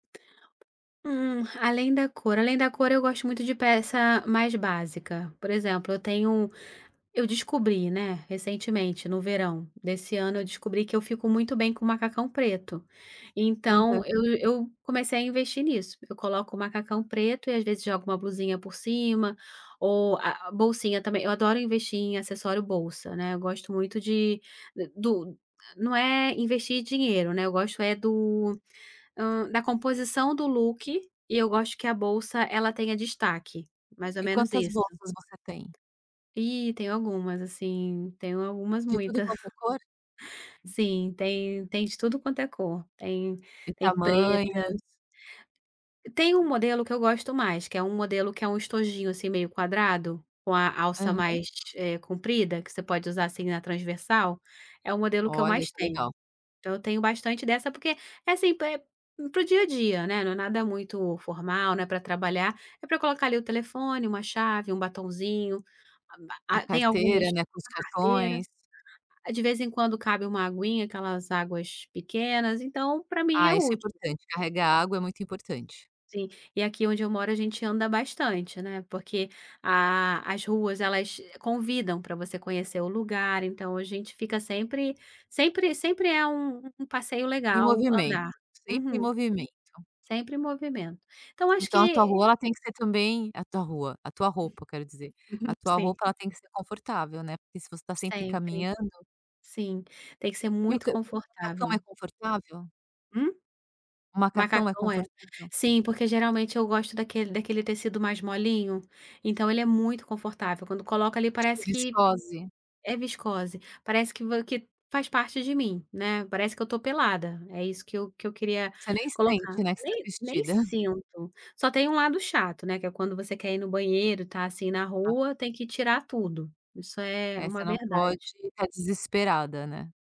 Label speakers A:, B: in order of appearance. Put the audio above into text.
A: Hum, além da cor, além da cor eu gosto muito de peça mais básica. Por exemplo, eu tenho um eu descobri, né, recentemente, no verão desse ano, eu descobri que eu fico muito bem com macacão preto.
B: Uhum.
A: Então eu eu comecei a investir nisso. Eu coloco o macacão preto e às vezes jogo uma blusinha por cima, ou a a bolsinha também eu adoro investir em acessório bolsa, né, eu gosto muito de do não é investir dinheiro, né, eu gosto é do hã, da composição do look, e eu gosto que a bolsa, ela tenha destaque, mais ou
B: E
A: menos
B: quantas
A: isso.
B: bolsas você tem?
A: Eh, tenho algumas assim, tenho algumas,
B: De tudo
A: muita.
B: quanto é cor?
A: Sim, tem tem de tudo quanto é cor, tem
B: E
A: tem preta
B: tamanhos.
A: Tem um modelo que eu gosto mais, que é um modelo que é um estojinho, assim, meio quadrado, com a alça
B: Aham.
A: mais, eh, comprida, que você pode usar assim na transversal. É o modelo que eu
B: Olha,
A: mais
B: isso é
A: tenho.
B: legal.
A: Então eu tenho bastante dessa, porque é assim pá é para o dia a dia, né, não é nada muito formal, né, pra trabalhar, é pra colocar ali o telefone, uma chave, um batonzinho. Ah, ma
B: A
A: ah tem algumas
B: carteira, né, com os
A: a carteira.
B: cartões.
A: De vez em quando cabe uma aguinha, aquelas águas pequenas, então, pra mim é
B: Ah, isso é
A: útil
B: importante, carregar água é muito importante.
A: Sim, e aqui onde eu moro, a gente anda bastante, né, porque a a as ruas elas convidam pra você conhecer o lugar, então a gente fica sempre sempre sempre é um um passeio
B: Em
A: legal,
B: movimento,
A: andar.
B: sempre em
A: Uhum.
B: movimento.
A: Sempre movimento. Então acho
B: Então a tua
A: que
B: rua, ela tem que ser também a tua rua, a tua roupa, quero dizer. A tua
A: Sim.
B: roupa, ela tem que ser confortável, né, porque se você está sempre
A: Sempre.
B: caminhando
A: Sim, tem que ser
B: E o
A: muito
B: co o macacão
A: confortável.
B: é confortável?
A: Hum?
B: O macacão é
A: Macacão, é.
B: confortável?
A: Sim, porque geralmente eu gosto daquele daquele tecido mais molinho, então ele é muito confortável, quando coloca ali,
B: Tipo,
A: parece que
B: viscose?
A: é viscose. Parece que vo que faz parte de mim, né. Parece que eu tô pelada, é isso que eu que eu queria
B: Você nem
A: colocar.
B: sente, né, que você está
A: Nem nem
B: vestida.
A: sinto. Só tem um lado chato, né. Que é quando você quer ir no banheiro, está assim na
B: Ah.
A: rua, tem que tirar tudo. Isso é
B: É,
A: uma
B: você não pode
A: verdade.
B: estar desesperada, né.